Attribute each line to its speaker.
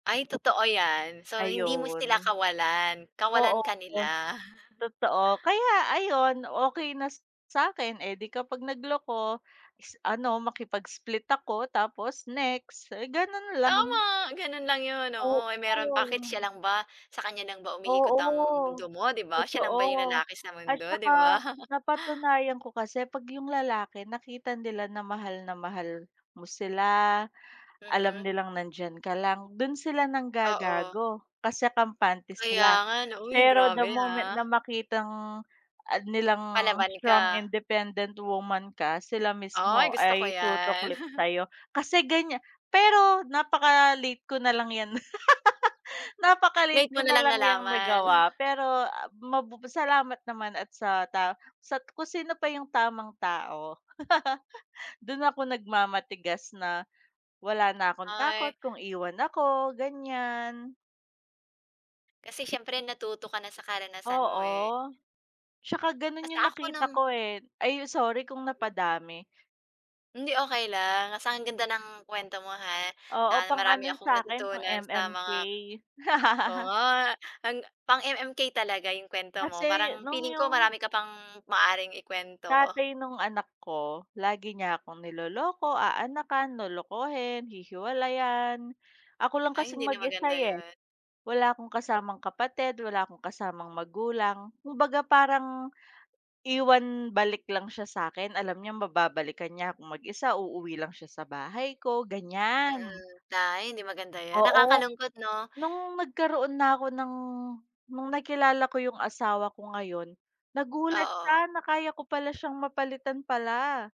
Speaker 1: Ay totoo 'yan so hindi mo sila
Speaker 2: Ayun,
Speaker 1: kawalan,
Speaker 2: oo,
Speaker 1: kawalan ka nila.
Speaker 2: totoo. Kaya ayun, okey na sa sa'kin, eh, di kapag nagloko is ano makipag-split ako tapos, next, eh, gano'n lang.
Speaker 1: Tama! Gano'n lang 'yun,
Speaker 2: Oo.
Speaker 1: oo, ay meron pa, bakit siya lang ba sa kaniya lang ba umiikot ang
Speaker 2: Oo,
Speaker 1: mundo mo, di ba, siya lang ba 'yung
Speaker 2: totoo.
Speaker 1: lalaki sa
Speaker 2: At
Speaker 1: mundo, di ba?
Speaker 2: saka napatunayan ko kasi 'pag 'yung lalaki nakita nila na mahal na mahal mo sila, alam
Speaker 1: Mhm.
Speaker 2: nilang nandiyan ka lang, do'n sila
Speaker 1: Oo.
Speaker 2: nanggagago kasi kampante
Speaker 1: Kaya
Speaker 2: sila.
Speaker 1: nga. Uy
Speaker 2: Pero
Speaker 1: grabe,
Speaker 2: the moment
Speaker 1: ha.
Speaker 2: na makitang, ah, nilang
Speaker 1: Palaban ka.
Speaker 2: strong independent woman ka, sila
Speaker 1: Ay
Speaker 2: mismo
Speaker 1: gusto ko
Speaker 2: ay
Speaker 1: 'yan.
Speaker 2: tutuklip sa'yo. Kasi ganiya pero napaka-late ko nalang 'yan, napaka-late
Speaker 1: Late mo
Speaker 2: ko
Speaker 1: nalang
Speaker 2: nalang 'yang
Speaker 1: nalaman.
Speaker 2: nagawa, pero mab salamat naman at sa ta sa kung sino pa 'yung tamang tao. Do'n ako nagmamatigas na wala na akong
Speaker 1: Ay.
Speaker 2: takot kung iwan ako ganiyan.
Speaker 1: Kasi siyempre natuto ka na sa karanasan mo, eh.
Speaker 2: Oo, tsaka gano'n
Speaker 1: Basta
Speaker 2: 'yung
Speaker 1: ako
Speaker 2: nakita
Speaker 1: no'ng
Speaker 2: ko, eh. Ay sorry, kung napadami.
Speaker 1: Hindi okey lang, basta ang ganda ng kuwento mo, ha,
Speaker 2: Oo,
Speaker 1: na
Speaker 2: pang
Speaker 1: marami
Speaker 2: ano
Speaker 1: akong
Speaker 2: sa'kin pang
Speaker 1: natutunan sa
Speaker 2: MMK.
Speaker 1: mga oo, nga, ang pang-MMK talaga 'yong kuwento mo
Speaker 2: Kasi
Speaker 1: parang
Speaker 2: no'ng
Speaker 1: feeling ko
Speaker 2: 'yung
Speaker 1: marami ka pang maaaring ikuwento.
Speaker 2: Tatay no'ng anak ko lagi niya akong niloloko, aanakan, lolokohin, hihiwalayan, ako lang
Speaker 1: Ah,
Speaker 2: kasing
Speaker 1: hindi na
Speaker 2: mag-isa
Speaker 1: maganda
Speaker 2: ,eh,
Speaker 1: 'yun.
Speaker 2: wala akong kasamang kapatid, wala akong kasamang magulang. Kumbaga parang iwan balik lang siya sa'kin, alam niyang mababalikan niya akong mag-isa, uuwi lang siya sa bahay ko, ganiyan.
Speaker 1: Mm, ay hindi maganda 'yun,
Speaker 2: Oo,
Speaker 1: nakakalungkot 'no.
Speaker 2: no'ng nagkaroon na ako ng no'ng nakilala ko 'yung asawa ko ngayon, nagulat
Speaker 1: Oo.
Speaker 2: siya na kaya ko pala siyang mapalitan pala.